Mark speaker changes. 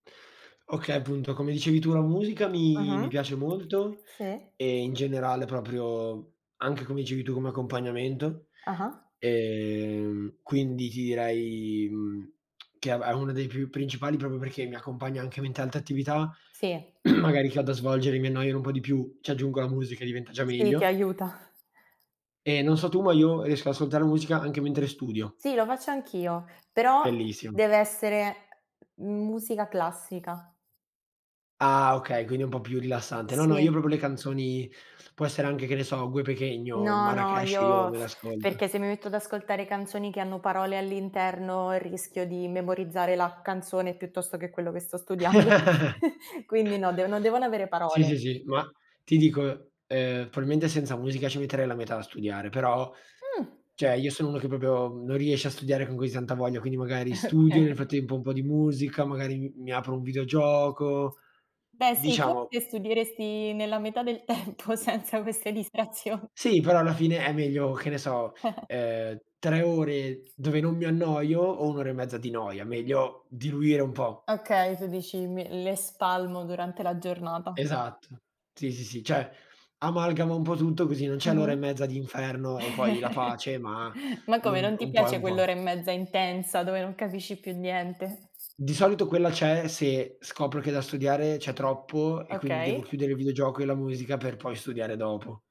Speaker 1: Okay, appunto, come dicevi tu, la musica mi mi
Speaker 2: Mh-mh.
Speaker 1: piace molto
Speaker 2: Sì.
Speaker 1: e in generale proprio anche, come dicevi tu, come accompagnamento,
Speaker 2: Ah-ah.
Speaker 1: ehm, quindi ti direi, mhmm, che è è una dei più principali proprio perché mi accompagna anche mi tante attività,
Speaker 2: Sì.
Speaker 1: magari che ho da svolgere e mi annoiano un po' di più. Ci aggiungo la musica e diventa già
Speaker 2: Sì, ti
Speaker 1: meglio.
Speaker 2: aiuta.
Speaker 1: E non so tu, ma io riesco ad ascoltare musica anche mentre studio.
Speaker 2: Sì, lo faccio anch'io, però
Speaker 1: Bellissimo.
Speaker 2: deve essere musica classica.
Speaker 1: Ah okay, quindi è un po' più rilassante. No, no, io
Speaker 2: Sì.
Speaker 1: proprio le canzoni può essere anche che ne so, Gué Pequeno,
Speaker 2: No, no,
Speaker 1: Marracash, io
Speaker 2: io
Speaker 1: me l'ascolto.
Speaker 2: perché se mi metto ad ascoltare canzoni che hanno parole all'interno, rischio di memorizzare la canzone piuttosto che quello che sto studiando. Quindi no, devo no devono avere
Speaker 1: Sì,
Speaker 2: parole.
Speaker 1: sì, sì, ma ti dico, ehm, probabilmente senza musica ci metterei la metà a studiare, però
Speaker 2: Mh.
Speaker 1: cioè io sono uno che proprio non riesce a studiare con così tanta voglia, quindi magari studio, nel
Speaker 2: Okay.
Speaker 1: frattempo un po' di musica, magari m mi apro un videogioco,
Speaker 2: Beh sì,
Speaker 1: diciamo
Speaker 2: forse studieresti nella metà del tempo senza queste distrazion
Speaker 1: Sì, però alla fine è meglio, che ne so,
Speaker 2: Que
Speaker 1: ehm, 3 ore dove non mi annoio o 1 ora e mezza di noia, meglio diluire un po'.
Speaker 2: Okay, tu dici: "Me le spalmo durante la giornata".
Speaker 1: Esatto, sì, sì, sì, cioè, amalgama un po' tutto così non c'è l'ora e
Speaker 2: Mh-mh.
Speaker 1: mezza di inferno e poi la pace, ma
Speaker 2: Ma come,
Speaker 1: l'un
Speaker 2: non ti
Speaker 1: un po' e
Speaker 2: piace
Speaker 1: un po'.
Speaker 2: quell'ora e mezza intensa dove non capisci più niente?
Speaker 1: Di solito quella c'è se scopro che da studiare c'è troppo e quindi devo
Speaker 2: Okay.
Speaker 1: chiudere il videogioco e la musica per poi studiare dopo.